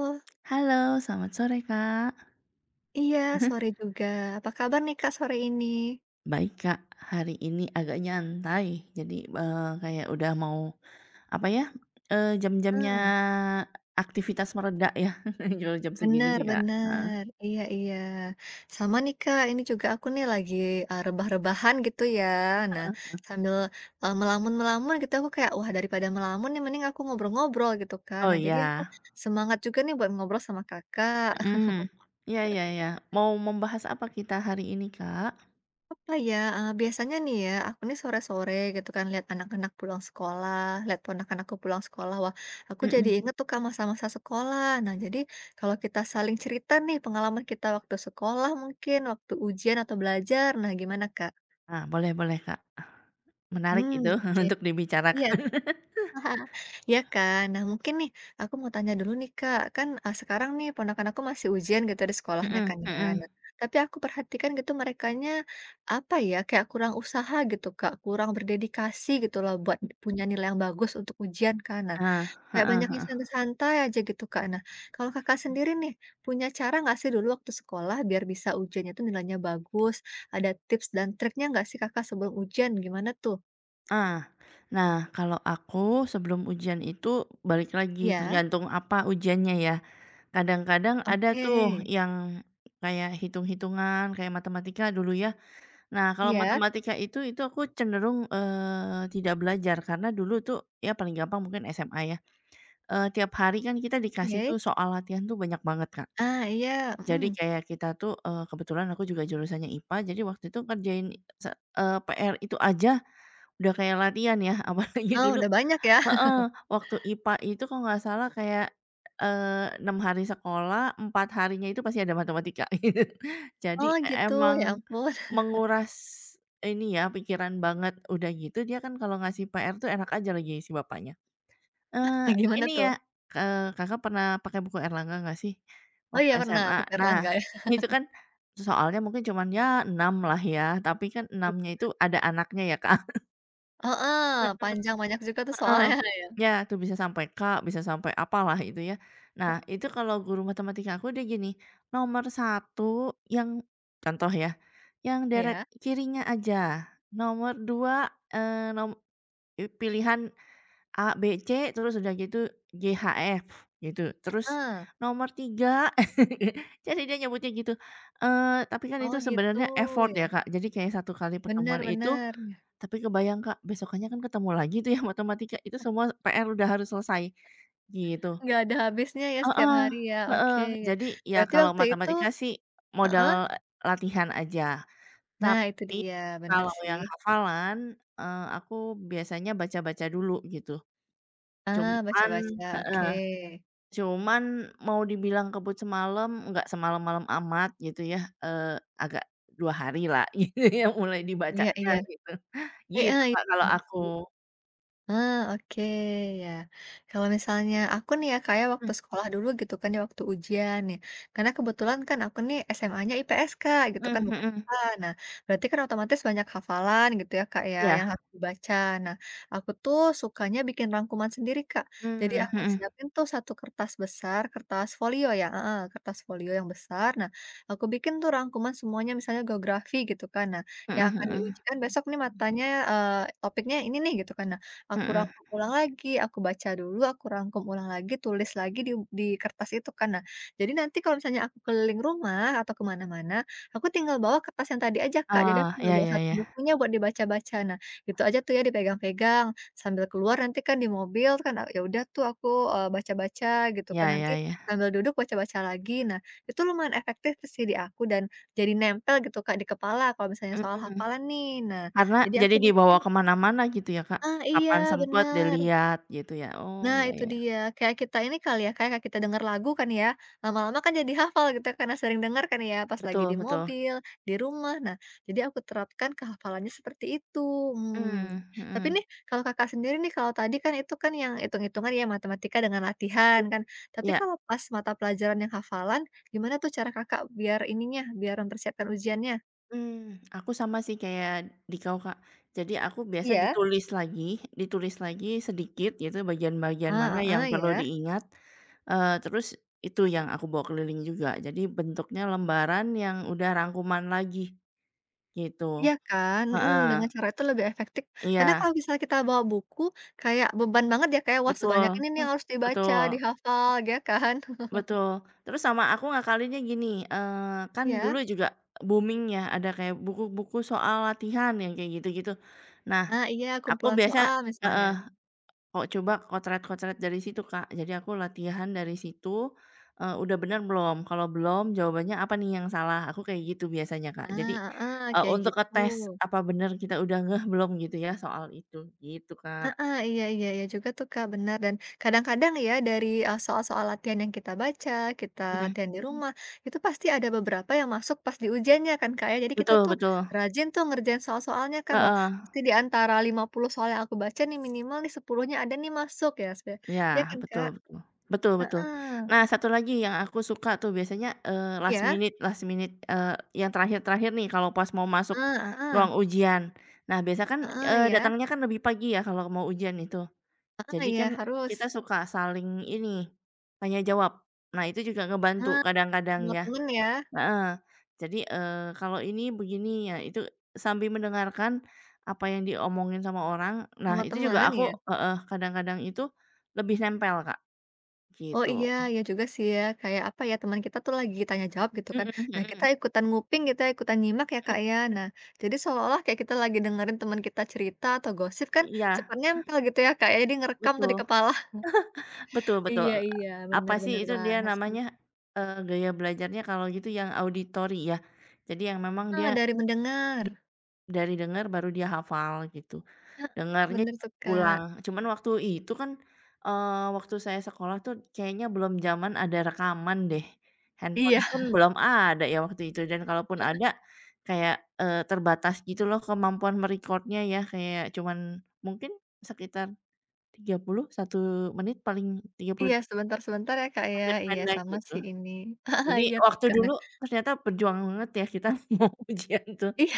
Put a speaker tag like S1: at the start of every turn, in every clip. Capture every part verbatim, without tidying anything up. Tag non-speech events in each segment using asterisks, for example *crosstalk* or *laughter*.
S1: Lo.
S2: Halo selamat sore Kak.
S1: Iya
S2: *chuckles*
S1: sore juga apa kabar nih Kak, sore ini?
S2: Baik Kak, hari ini agak nyantai jadi, eee, kayak udah mau, apa ya, eee, jam-jamnya
S1: Eee.
S2: aktivitas mereda ya *chuckles* kalau jam segini
S1: Bener
S2: sih Kak, heeh.
S1: bener iya iya, sama nih Kak, ini juga aku nih lagi, eee, rebah-rebahan gitu ya nah
S2: Heeh heeh.
S1: sambil, eee, melamun-melamun gitu aku kayak wah daripada melamun nih mending aku ngobrol-ngobrol gitu kan
S2: Oh
S1: nah jadi aku
S2: iya.
S1: semangat juga nih buat ngobrol sama Kakak.
S2: Mhm, ya ya ya
S1: *chuckles*
S2: mau membahas apa kita hari ini Kak?
S1: Apa ya, eee, biasanya nih ya aku nih sore-sore gitu kan lihat anak-anak pulang sekolah lihat ponakan aku pulang sekolah wah aku jadi
S2: Mhm.
S1: inget tuh Kak, masa-masa sekolah nah jadi kalau kita saling cerita nih pengalaman kita waktu sekolah mungkin waktu ujian atau belajar nah gimana Kak?
S2: Nah boleh boleh Kak, menarik
S1: Mmm,
S2: itu
S1: oke,
S2: *chuckles* untuk
S1: iya.
S2: dibicarakan. *chuckles*
S1: *chuckles* Ya kan. Nah mungkin nih aku mau tanya dulu nih Kak, kan, eee, sekarang nih ponakan aku masih ujian gitu di sekolahnya
S2: Mhm
S1: kan ya
S2: mhm.
S1: nah, tapi aku perhatikan gitu merekanya apa ya, kayak kurang usaha gitu Kak, kurang berdedikasi gitu loh buat punya nilai yang bagus untuk ujian kan nah,
S2: Ah,
S1: kayak
S2: heeh
S1: banyaknya
S2: heeh.
S1: santai-santai aja gitu Kak, nah kalau Kakak sendiri nih punya cara nggak sih dulu waktu sekolah biar bisa ujian itu nilainya bagus ada tips dan triknya enggak sih Kakak sebelum ujian gimana tuh?
S2: Ah. Nah, kalau aku sebelum ujian itu balik lagi
S1: Iya.
S2: tergantung apa ujiannya ya? Kadang-kadang ada tuh
S1: Oke.
S2: yang kayak hitung-hitungan, kayak matematika dulu ya. Nah kalau
S1: Iya.
S2: matematika itu itu aku cenderung, eee, tidak belajar karena dulu itu ya paling gampang mungkin SMA ya, eee, tiap hari kan kita dikasih
S1: Oke.
S2: tuh soal latihan tuh banyak banget Kak.
S1: Ah, iya,
S2: Jadi
S1: mhm.
S2: kayak kita tuh, eee, kebetulan aku juga jurusannya IPA. Jadi waktu itu ngerjain se eee, PR itu aja udah kayak latihan ya, apalagi
S1: Oh,
S2: dulu
S1: udah banyak ya.
S2: heeh,
S1: *chuckles*
S2: waktu IPA itu kalau nggak salah kayak eee, enam hari sekolah empat harinya itu pasti ada matematika. *chuckles* Jadi
S1: Oh gitu. Ya
S2: emang
S1: ampun. *chuckles*
S2: menguras ini ya, pikiran banget, udah gitu dia kan kalau ngasih PR itu enak aja si bapaknya.
S1: Ah
S2: Eee,
S1: kayak gimana
S2: "Ini
S1: tuh?
S2: ya," eee, Kakak pernah pakai buku Erlangga nggak sih
S1: Oh
S2: waktu
S1: iya pernah,
S2: SMA?
S1: buku
S2: Nah
S1: Erlangga.
S2: itu
S1: *chuckles*
S2: kan soalnya mungkin cuman ya enam lah ya, tapi kan
S1: Iya.
S2: enamnya itu ada anaknya ya Kak. *chuckles*
S1: Heeh,
S2: Mhm.
S1: panjang, banyak juga tuh
S2: Heeh,
S1: soalnya ya.
S2: iya itu bisa sampai K, bisa sampai apa lah gitu ya. Nah
S1: *chuckles*
S2: itu kalau guru matematika aku dia gini, "Nomor satu yang" contoh ya, "yang deret
S1: Iya.
S2: kirinya aja, nomor dua, eee, nom eee, pilihan A, B, C, terus udah gitu G, H, F," gitu. Terus,
S1: Heeh.
S2: "Nomor tiga" *chuckles* jadi dia nyebutnya gitu. Eee, tapi kan
S1: Oh
S2: itu
S1: gitu,
S2: sebenarnya effort
S1: iya.
S2: ya Kak. Jadi kayak satu kali pertemuan
S1: Bener
S2: itu
S1: bener, iya.
S2: tapi kebayang Kak besokannya kan ketemu lagi tuh ya matematika, itu
S1: E
S2: semua PR udah harus selesai gitu.
S1: Nggak ada habisnya ya setiap
S2: Heeh
S1: hari ya,
S2: heeh,
S1: oke,
S2: jadi ya
S1: berarti
S2: kalau
S1: waktu itu
S2: matematika sih
S1: heeh?
S2: modal latihan aja.
S1: Nah itu
S2: Tapi
S1: dia, bener
S2: kalau
S1: sih.
S2: yang hafalan, eee, aku biasanya baca-baca dulu gitu.
S1: Ah
S2: Cuman
S1: baca-baca,
S2: heeh,
S1: oke.
S2: cuman mau dibilang kebut semalam, nggak semalam-malam amat gitu ya, eee, agak dua hari lah, gitu ya mulai dibacanya,
S1: Iya-iya.
S2: gitu.
S1: Heeh,
S2: Gitu
S1: i
S2: Kak kalau
S1: iya
S2: aku.
S1: sih. Eee, oke ya. Kalau misalnya aku nih ya Kak ya
S2: Mmm.
S1: waktu sekolah dulu gitu kan ya waktu ujian nih, karena kebetulan kan aku nih SMA-nya IPS Kak, gitu
S2: Mmm
S1: kan, bukan
S2: mhm.
S1: IPA, nah berarti kan otomatis banyak hafalan gitu ya Kak ya,
S2: Iya.
S1: yang harus dibaca. Nah, aku tuh sukanya bikin rangkuman sendiri Kak. Jadi
S2: Mmm,
S1: aku
S2: mhm.
S1: siapin tuh satu kertas besar, kertas folio ya, heeh, kertas folio yang besar. Nah, aku bikin tuh rangkuman semuanya misalnya geografi gitu kan. Nah,
S2: Mhm
S1: yang akan
S2: mhm.
S1: diujikan besok nih matanya eee, topiknya ini gitu kan. Nah aku
S2: Mhm.
S1: rangkum ulang lagi, aku baca dulu, aku rangkum ulang lagi, tulis lagi di di kertas itu kan. Nah, jadi nanti kalau misalnya aku keliling rumah atau ke mana-mana, aku tinggal bawa kertas yang tadi aja Kak, jadi aku
S2: Ah,
S1: enggak
S2: iya
S1: bawa
S2: iya
S1: satu
S2: iya.
S1: bukunya buat dibaca-baca. Nah, itu aja tuh ya dipegang-pegang sambil keluar nanti kan di mobil kan itu kan, ya udah tuh aku, eee, baca-baca gitu
S2: Iya
S1: kan, nanti
S2: iya iya.
S1: sambil duduk baca-baca lagi. Nah, itu lumayan efektif sih di aku dan jadi nempel gitu Kak di kepala kalau misalnya soal
S2: Mhm,
S1: hafalan nih. Nah,
S2: karena
S1: jadi
S2: jadi
S1: aku
S2: dibawa
S1: mungkin
S2: ke mana-mana gitu ya Kak.
S1: Ah,
S2: Kapan
S1: iya
S2: sempat
S1: bener!
S2: dilihat gitu ya? Oh
S1: Nah
S2: iya
S1: itu
S2: iya.
S1: dia, kayak kita ini kali ya, kayak kita dengar lagu kan ya, lama-lama kan jadi hafal gitu, karena sering dengar kan ya, pas lagi di
S2: Betul betul.
S1: mobil, di rumah. Nah, jadi aku terapkan ke hafalannya seperti itu, mmm.
S2: Mmm,
S1: Tapi
S2: mhm.
S1: nih, kalau Kakak sendiri nih kalau tadi kan itu kan yang hitung-hitungan ya, matematika dengan latihan kan. Tapi
S2: Iya.
S1: kalau pas mata pelajaran yang hafalan, gimana tuh cara Kakak biar ininya, biar mempersiapkan ujiannya?
S2: Hmm, aku sama sih kayak dikau Kak. Jadi aku biasanya
S1: Iya.
S2: ditulis lagi, ditulis lagi sedikit gitu, bagian-bagian mana
S1: Ah,
S2: yang
S1: heeh
S2: perlu
S1: ya.
S2: diingat. Eee, terus itu yang aku bawa keliling juga. Jadi bentuknya lembaran yang udah rangkuman lagi. Gitu.
S1: Iya kan? Hmm, dengan
S2: Heeh.
S1: cara itu lebih efektif. Karena kalau
S2: Iya.
S1: misalnya kita bawa buku, kayak beban banget ya, kayak wah sebanyak
S2: Betul.
S1: ini nih yang harus dibaca,
S2: Betul.
S1: dihafal, ya kan? *chuckles*
S2: Betul, terus sama aku ngakalinnya gini, eee, kan dulu
S1: Iya.
S2: juga booming ya ada kayak buku-buku soal latihan yang kayak gitu-gitu. Nah
S1: Nah. Iya,
S2: aku
S1: kumpulan
S2: biasa
S1: soal
S2: heeh,
S1: misalnya.
S2: o coba kocret-kocret dari situ Kak. Jadi aku latihan dari situ, eee, udah bener belum? Kalau belum jawabannya apa nih yang salah, aku kayak gitu biasanya Kak. Jadi,
S1: Nah, heeh,
S2: eee,
S1: kayak
S2: untuk
S1: gitu.
S2: ngetes apa bener kita udah ngeh belum gitu ya soal itu, gitu Kak.
S1: Mhm, iya iya iya juga tuh Kak, benar, dan kadang-kadang ya, dari, eee, soal-soal latihan yang kita baca, kita
S2: Mhm.
S1: latihan di
S2: Hmm.
S1: rumah, itu pasti ada beberapa yang masuk pas di ujiannya kan Kak ya. Jadi kita
S2: Betul
S1: tuh
S2: betul.
S1: rajin tuh ngerjain soal-soalnya kan. Wah,
S2: Heeh.
S1: pasti di antara lima puluh soal yang aku baca nih, minimal nih sepuluhnya ada nih masuk ya seh.
S2: Iya,
S1: Ya kan
S2: betul
S1: Kak?
S2: betul. Betul betul.
S1: Heeh.
S2: Nah, satu lagi yang aku suka tuh biasanya, eee, last
S1: Iya.
S2: minute last minute, eee, yang terakhir-terakhir nih kalau pas mau
S1: Eh,
S2: masuk
S1: heeh.
S2: ruang ujian. Nah biasanya kan,
S1: Heeh,
S2: eee,
S1: ya.
S2: datangnya kan lebih pagi ya kalau mau ujian itu.
S1: Ah,
S2: Jadi
S1: ya,
S2: kan kita
S1: harus.
S2: suka saling ini, tanya jawab. Nah, itu juga ngebantu
S1: Ah,
S2: kadang-kadang
S1: sama
S2: ya.
S1: teman ya.
S2: Heeh. Jadi, eee, kalau ini begini ya itu, sambil mendengarkan apa yang diomongin sama orang. Nah,
S1: Sama
S2: itu juga
S1: temen,
S2: aku
S1: ya.
S2: heeh, kadang-kadang itu lebih nempel Kak.
S1: Oh iya,
S2: Gitu.
S1: iya juga sih ya, kayak apa ya, teman kita tuh lagi tanya jawab gitu kan.
S2: Mhm
S1: Nah kita
S2: mhm.
S1: ikutan nguping, kita ikutan nyimak ya Kak
S2: Hmm.
S1: ya. Nah, jadi seolah-olah kayak kita lagi dengerin teman kita cerita atau gosip kan
S2: Iya.
S1: cepet nempel gitu ya Kak ya, dia ngerekam tuh
S2: Betul.
S1: di kepala. *chuckles*
S2: *chuckles* Betul betul.
S1: Iya
S2: Eee,
S1: iya,
S2: apa
S1: bener
S2: sih
S1: bener
S2: itu
S1: banget sih.
S2: namanya, eee, gaya belajarnya kalau gitu yang auditori ya. Jadi yang memang dia
S1: Eh, dari mendengar.
S2: dari denger baru dia hafal gitu.
S1: Heeh.
S2: Dengernya
S1: Bener
S2: *unintelligible*
S1: tuh Kak.
S2: ulang. Cuman waktu itu kan, eee, waktu saya sekolah itu kayaknya belum zaman ada rekaman deh.
S1: Iya.
S2: Handphone pun
S1: *chuckles*
S2: belum ada ya waktu itu. Dan kalaupun
S1: Heeh.
S2: ada kayak, eee, terbatas gitu loh kemampuan me-record-nya ya kayak cuman mungkin sekitar tiga puluh, satu menit paling, tiga pul
S1: Iya, sebentar-sebentar ya Kak ya. Iya
S2: Pendek-pendek
S1: sama
S2: gitu.
S1: sih ini. *chuckles*
S2: Jadi
S1: Iya tuh
S2: waktu
S1: Kak, nah
S2: dulu ternyata berjuang banget ya kita mau ujian tuh.
S1: Iya.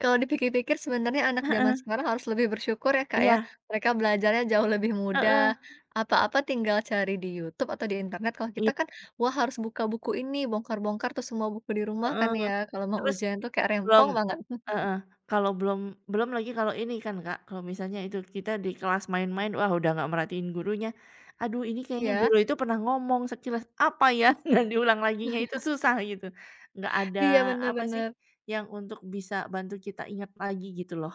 S1: Kalau dipikir-pikir sebenarnya anak jaman
S2: Heeh.
S1: sekarang harus lebih bersyukur ya Kak ya.
S2: Iya.
S1: Mereka belajarnya jauh lebih mudah,
S2: Heeh.
S1: apa-apa tinggal cari di YouTube atau di internet. Kalau kita
S2: I
S1: kan, wah harus buka buku ini, bongkar-bongkar tuh semua buku di rumah kan
S2: Heeh.
S1: ya, kalau mau
S2: Terus,
S1: ujian itu kayak
S2: belum
S1: rempong banget. *chuckles*
S2: heeh, kalau belum belum lagi kalau ini kan Kak. Kalau misalnya itu, kita di kelas main-main, wah udah nggak merhatiin gurunya. Aduh ini kayaknya
S1: Iya.
S2: guru itu pernah ngomong sekilas apa ya, dan diulang laginya itu
S1: *chuckles*
S2: susah gitu. Nggak ada
S1: Iya, bener
S2: apa sih,
S1: bener.
S2: yang untuk bisa bantu kita ingat lagi gitu loh.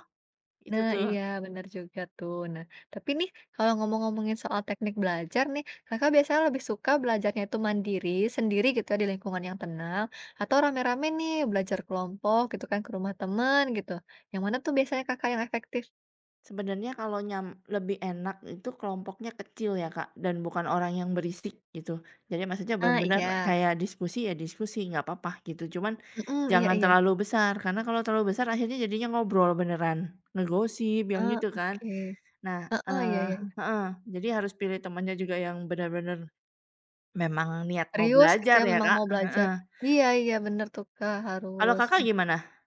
S2: Itu
S1: Nah, iya,
S2: tuh.
S1: bener juga tuh. Nah, tapi nih kalau ngomong-ngomongin soal teknik belajar nih, Kakak biasanya lebih suka belajarnya itu mandiri, sendiri gitu di lingkungan yang tenang, atau rame-rame nih belajar kelompok gitu kan ke rumah teman gitu. Yang mana tuh biasanya Kakak yang efektif?
S2: Sebenernya kalau nyam lebih enak itu kelompoknya kecil ya, Kak, dan bukan orang yang berisik, gitu. Jadi, maksudnya
S1: Ah,
S2: bener-bener
S1: iya.
S2: kayak diskusi ya diskusi, nggak apa-apa, gitu. Cuman,
S1: Mhm, iya
S2: jangan
S1: iya.
S2: terlalu besar, karena kalau terlalu besar akhirnya jadinya ngobrol beneran, ngegosip, yang
S1: Ah,
S2: gitu, kan?
S1: oke.
S2: Nah,
S1: Heeh, iya
S2: eh
S1: iya iya.
S2: heeh, jadi, harus pilih temennya juga yang benar-benar memang niat mau
S1: Serius gitu
S2: belajar
S1: ya,
S2: ya,
S1: memang
S2: Kak.
S1: mau belajar.
S2: Heeh.
S1: Iya iya, bener tuh, Kak,
S2: Kalau
S1: harus.
S2: Kakak gimana?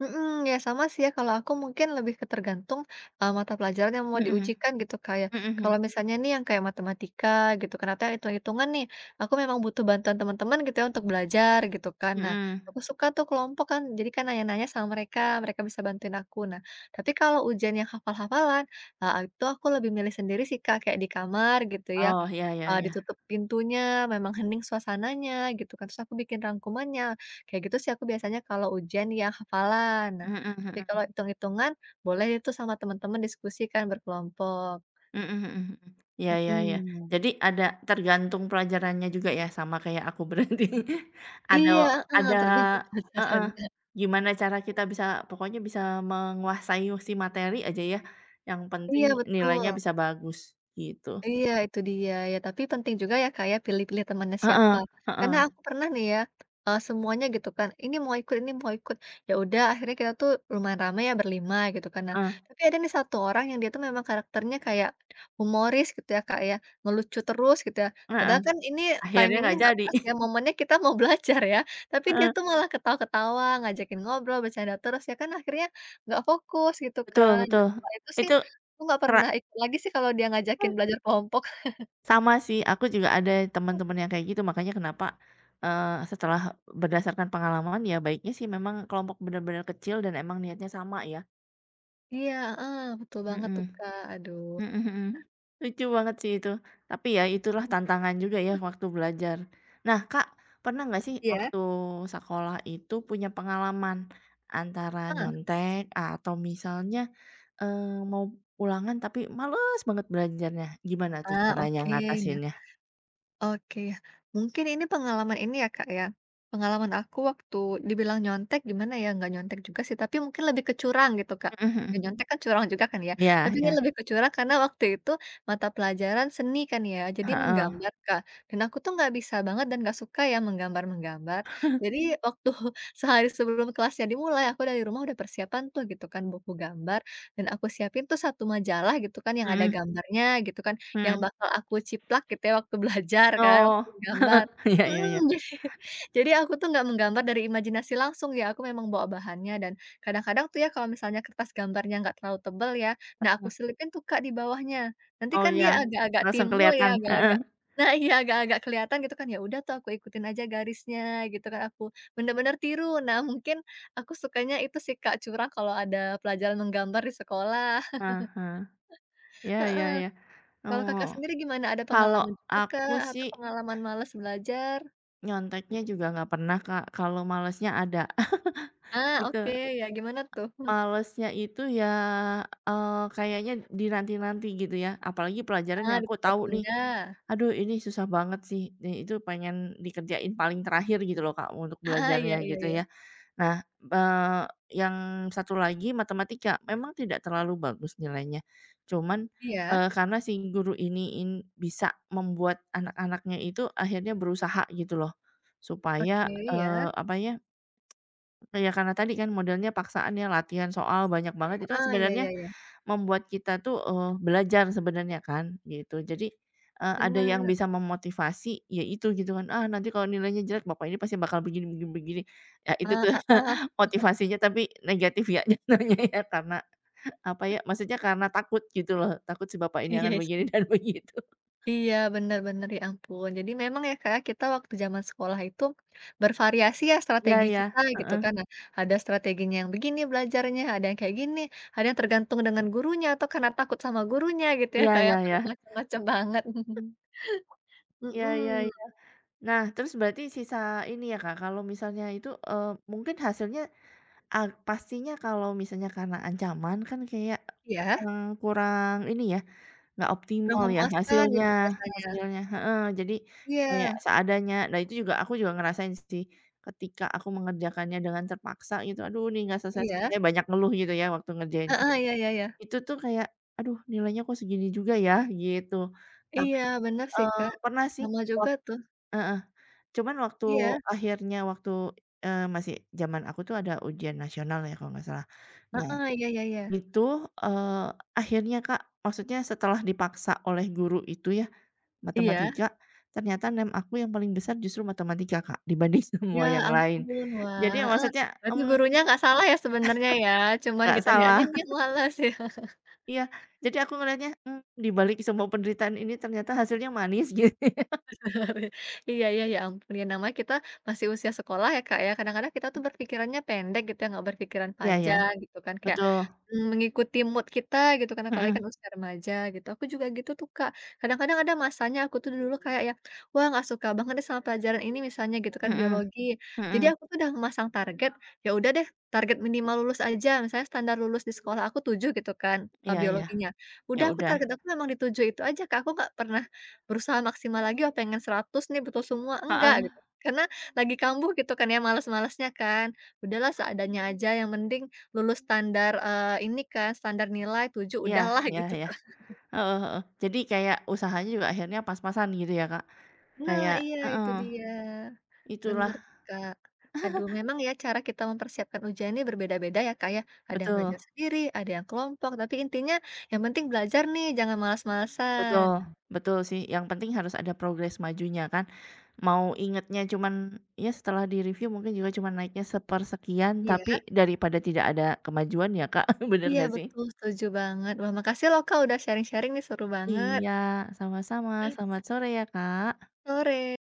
S1: Mhm, ya, sama sih, ya. Kalau aku mungkin lebih ke tergantung, eee, mata pelajaran yang mau
S2: Mhm.
S1: diujikan gitu, Kak, ya.
S2: Mhm, hmm.
S1: Kalau misalnya nih yang kayak matematika gitu, ternyata hitung-hitungan nih, aku memang butuh bantuan teman-teman gitu, ya, untuk belajar gitu, kan, nah,
S2: Mhm.
S1: aku suka tuh kelompok kan, jadi kan nanya-nanya sama mereka, mereka bisa bantuin aku. Nah, tapi kalau ujian yang hafal-hafalan, eee, itu aku lebih milih sendiri sih, Kak, kayak di kamar gitu ya,
S2: Oh, iya iya
S1: eee,
S2: iya.
S1: ditutup pintunya, memang hening suasananya, gitu, kan. Terus aku bikin rangkumannya, kayak gitu sih aku biasanya kalau ujian yang hafalan. Nah,
S2: Mhm
S1: tapi kalau
S2: mhm.
S1: hitung-hitungan boleh itu sama teman-teman diskusi kan, berkelompok.
S2: Mhm mhm mhm. Iya iya iya.
S1: Mhm.
S2: Jadi, ada tergantung pelajarannya juga, ya? Sama kayak aku berarti. Ada
S1: Iya, heeh,
S2: ada
S1: tergantung
S2: heeh,
S1: pelajarannya.
S2: gimana cara kita bisa pokoknya bisa menguasai si materi aja, ya. Yang penting
S1: Iya,
S2: nilainya
S1: betul.
S2: bisa bagus, gitu.
S1: Iya, itu dia. Ya, tapi penting juga, ya, Kak, ya, pilih-pilih temannya siapa.
S2: Heeh,
S1: Karena
S2: heeh.
S1: aku pernah nih ya, eee, semuanya gitu kan, ini mau ikut ini mau ikut. Ya, udah, akhirnya kita tuh lumayan rame, ya, berlima gitu kan. Nah,
S2: Eh.
S1: tapi ada nih satu orang, yang dia itu memang karakternya kayak humoris gitu, ya, Kak, ya, ngelucu terus gitu, ya.
S2: Heeh.
S1: Padahal kan ini
S2: Akhirnya
S1: timing-nya
S2: nggak
S1: enggak
S2: jadi.
S1: pas, ya,
S2: *chuckles*
S1: momennya kita mau belajar ya, tapi dia
S2: Heeh.
S1: tuh malah ketawa-ketawa, ngajakin ngobrol, bercanda terus, ya, kan akhirnya enggak fokus gitu
S2: Betul
S1: kan. Dan,
S2: betul,
S1: setelah itu sih
S2: itu,
S1: aku enggak
S2: rak
S1: pernah ikut lagi sih kalau dia ngajakin belajar kelompok.
S2: Sama sih,
S1: *chuckles*
S2: aku juga ada temen-temen yang kayak gitu. Makanya kenapa, eee, setelah berdasarkan pengalaman, ya, baiknya sih memang kelompok bener-bener kecil, dan emang niatnya sama, ya.
S1: Iya, heeh, betul banget
S2: Mhm.
S1: tuh, Kak. Aduh.
S2: Mhm mhm. Lucu banget sih, itu. Tapi, ya itulah tantangan juga ya, waktu belajar. Nah, Kak, pernah nggak sih
S1: Iya.
S2: waktu sekolah itu punya pengalaman, antara
S1: Ah.
S2: nyontek, atau misalnya, eee, mau ulangan tapi malas banget belajarnya. Gimana tuh
S1: Ah.
S2: caranya
S1: Oke nya.
S2: ngatasinnya?
S1: Oke, ya. Mungkin ini pengalaman ini, ya, Kak, ya, pengalaman aku waktu dibilang nyontek, gimana ya, enggak nyontek juga sih, tapi mungkin lebih ke curang, gitu, Kak.
S2: Mhm
S1: Ya,
S2: mhm.
S1: nyontek kan curang juga kan, ya.
S2: Iya
S1: Tapi, ini
S2: iya.
S1: lebih kecurang karena waktu itu mata pelajaran seni kan ya, jadi
S2: Heeh.
S1: menggambar, Kak. Dan aku tuh enggak bisa banget, dan enggak suka ya menggambar-menggambar.
S2: *chuckles*
S1: Jadi, waktu sehari sebelum kelasnya dimulai aku dari rumah udah persiapan tuh, gitu kan, buku gambar, dan aku siapin tuh satu majalah gitu kan, yang ada
S2: Mhm.
S1: gambarnya, gitu kan,
S2: Mhm.
S1: yang bakal aku ciplak, gitu ya, waktu belajar kan,
S2: Oh!
S1: waktu gambar.
S2: *chuckles* Iya iya iya.
S1: Mhm. *chuckles* Jadi aku tuh enggak menggambar dari imajinasi langsung, ya, aku memang bawa bahannya, dan kadang-kadang tuh, ya, kalau misalnya kertas gambarnya enggak terlalu tebal, ya, nah, aku
S2: Heeh.
S1: selipin tuh Kak di bawahnya. Nanti
S2: Oh,
S1: kan
S2: iya.
S1: dia agak-agak
S2: Langsung
S1: timbul, ya,
S2: kelihatan.
S1: agak-agak
S2: Heeh.
S1: nah, iya, agak-agak kelihatan gitu kan. Ya, udah tuh, aku ikutin aja garisnya gitu kan, aku benar-benar tiru. Nah, mungkin aku sukanya itu sih Kak, curang kalau ada pelajaran menggambar di sekolah.
S2: Heeh
S1: *chuckles*
S2: heeh. Iya iya
S1: Heeh.
S2: iya.
S1: Kalau
S2: Oh.
S1: Kakak sendiri gimana? Ada
S2: Kalau
S1: pengalaman juga
S2: aku
S1: kah,
S2: sih
S1: atau pengalaman malas belajar?
S2: Nyonteknya juga enggak pernah, Kak. Kalau malesnya ada,
S1: Ah,
S2: *laughs*
S1: oke,
S2: gitu.
S1: ya, gimana tuh, mmm?
S2: Malesnya itu ya, eee, kayaknya dinanti-nanti gitu, ya. Apalagi pelajaran
S1: Ah,
S2: yang aku tahu nih.
S1: ditunda-tunda.
S2: "Aduh, ini susah banget sih." Di itu pengen dikerjain paling terakhir, gitu loh, Kak, untuk
S1: Aha. Iya
S2: belajarnya
S1: iya
S2: gitu,
S1: iya.
S2: ya. Nah, eee, yang satu lagi matematika. Memang tidak terlalu bagus nilainya, cuman
S1: Iya.
S2: eee, karena si guru ini in bisa membuat anak-anaknya itu, akhirnya berusaha, gitu loh.
S1: Oke,
S2: Supaya,
S1: ya.
S2: eee, apa ya. Ya, karena tadi kan modelnya paksaan ya, latihan soal banyak banget, itu kan
S1: Heeh, iya iya
S2: sebenarnya,
S1: iya.
S2: membuat kita tuh, eee, belajar sebenarnya kan, gitu. Jadi, eee, ada yang
S1: Benar.
S2: bisa memotivasi, ya itu gitu, kan. "Ah nanti kalau nilainya jelek, bapak ini pasti bakal begini begini begini." Ya itu
S1: Hah,
S2: tuh,
S1: heeh.
S2: *chuckles*
S1: *chuckles*
S2: motivasinya tapi negatif ya, *chuckles* *unintelligible* karena apa ya, maksudnya karena takut, gitu loh. Takut si bapak ini akan
S1: Iya,
S2: begini
S1: sih.
S2: dan begitu.
S1: Iya, bener bener, ya ampun. Jadi memang ya Kak, kita waktu jaman sekolah itu, bervariasi ya
S2: Iya
S1: strategi
S2: iya,
S1: kita, gitu
S2: heeh.
S1: kan. Nah, ada strateginya yang begini belajarnya, ada yang kayak gini, ada yang tergantung dengan gurunya atau karena takut sama gurunya, gitu ya,
S2: Iya
S1: kayak
S2: iya iya.
S1: bermacam-macam banget. *chuckles*
S2: Iya iya
S1: Hmm.
S2: iya. Nah, terus berarti sisa ini ya, Kak. Kalau misalnya itu eee, mungkin hasilnya a pastinya kalau misalnya karena ancaman kan kayak,
S1: Iya.
S2: mmm, kurang ini ya, enggak
S1: Udah
S2: optimal ya
S1: memuaskan
S2: hasilnya
S1: gitu, biasanya.
S2: hasilnya heeh, jadi kayak
S1: Iya.
S2: seadanya. Nah, itu juga, aku juga ngerasain sih. Ketika aku mengerjakannya dengan terpaksa, gitu. "Aduh, ini enggak
S1: Iya.
S2: selesai-selesai." Banyak ngeluh gitu ya, waktu ngerjain.
S1: Heeh, iya, ya ya.
S2: Itu tuh kayak, "Aduh nilainya kok segini juga ya?" Gitu. Tapi,
S1: Iya, bener sih
S2: eee,
S1: Kak,
S2: pernah sih,
S1: sama
S2: oh
S1: juga, tuh.
S2: heeh, cuman waktu
S1: Iya.
S2: akhirnya waktu eee, masih jaman aku tuh ada ujian nasional ya, kalau enggak salah. Nah,
S1: Heeh, iya iya iya.
S2: itu, eee, akhirnya Kak, maksudnya setelah dipaksa oleh guru itu ya,
S1: Iya.
S2: matematika, ternyata nem aku yang paling besar justru matematika Kak, dibanding
S1: Ya
S2: semua yang lain.
S1: ampun.
S2: Jadi
S1: Wah heeh,
S2: maksudnya,
S1: berarti
S2: mmm
S1: gurunya enggak salah ya, sebenernya ya,
S2: *chuckles*
S1: cuman
S2: enggak
S1: kitanya
S2: salah.
S1: aja mungkin
S2: *chuckles*
S1: males, ya. *chuckles*
S2: Iya. Jadi aku ngelihatnya, mmm, di balik semua penderitaan ini ternyata hasilnya manis. *laughs*
S1: *chuckles* Iya iya, ya ampun, ya namanya kita masih usia sekolah ya, Kak, ya, kadang-kadang kita tuh berpikirannya pendek gitu ya, enggak berpikiran
S2: Iya iya,
S1: panjang gitu, kan. Kayak
S2: betul.
S1: mengikuti mood kita gitu, kan, apalagi kan
S2: Hmm.
S1: usia remaja, gitu. Aku juga gitu tuh, Kak. Kadang-kadang ada masanya aku tuh dulu kayak yang, wah enggak suka banget deh sama pelajaran ini, misalnya gitu kan,
S2: Hmm,
S1: biologi. Jadi,
S2: hmm.
S1: aku tuh udah memasang target, ya udah deh, target minimal lulus aja, misalnya standar lulus di sekolah aku tujuh gitu kan, eee,
S2: Iya iya.
S1: biologinya.
S2: Ya
S1: Udah aku
S2: udah.
S1: target aku memang di tujuh itu aja, Kak, aku enggak pernah berusaha maksimal lagi, ah, pengen seratus nih betul semua, enggak,
S2: Heeh.
S1: gitu. Karena lagi kambuh gitu kan ya, malas-malasnya kan. Sudahlah seadanya aja yang mending, lulus standar eee, ini kan, standar nilai tujuh,
S2: Iya
S1: udahlah
S2: iya
S1: gitu,
S2: iya,
S1: kan. *chuckles*
S2: heeh heeh. Jadi kayak usahanya juga akhirnya pas-pasan gitu ya, Kak.
S1: Nah,
S2: Kayak
S1: iya itu
S2: heeh.
S1: dia.
S2: Itulah.
S1: Bener, Kak. Aduh,
S2: *chuckles*
S1: memang ya cara kita mempersiapkan ujian ini berbeda-beda ya, Kak, ya. Ada yang
S2: Betul.
S1: belajar sendiri, ada yang kelompok, tapi intinya, yang penting belajar nih, jangan malas-malasan.
S2: Betul, betul sih, yang penting harus ada progres majunya, kan. Mau ingetnya cuman, ya setelah di-review mungkin juga cuman naiknya sepersekian,
S1: Iya.
S2: tapi daripada tidak ada kemajuan ya, Kak. *chuckles* Bener
S1: Iya
S2: enggak, sih?
S1: betul, setuju banget. Wah, makasih loh, Kak, udah sharing-sharing nih, seru banget.
S2: Iya, sama-sama. Selamat sore ya, Kak!
S1: Sore.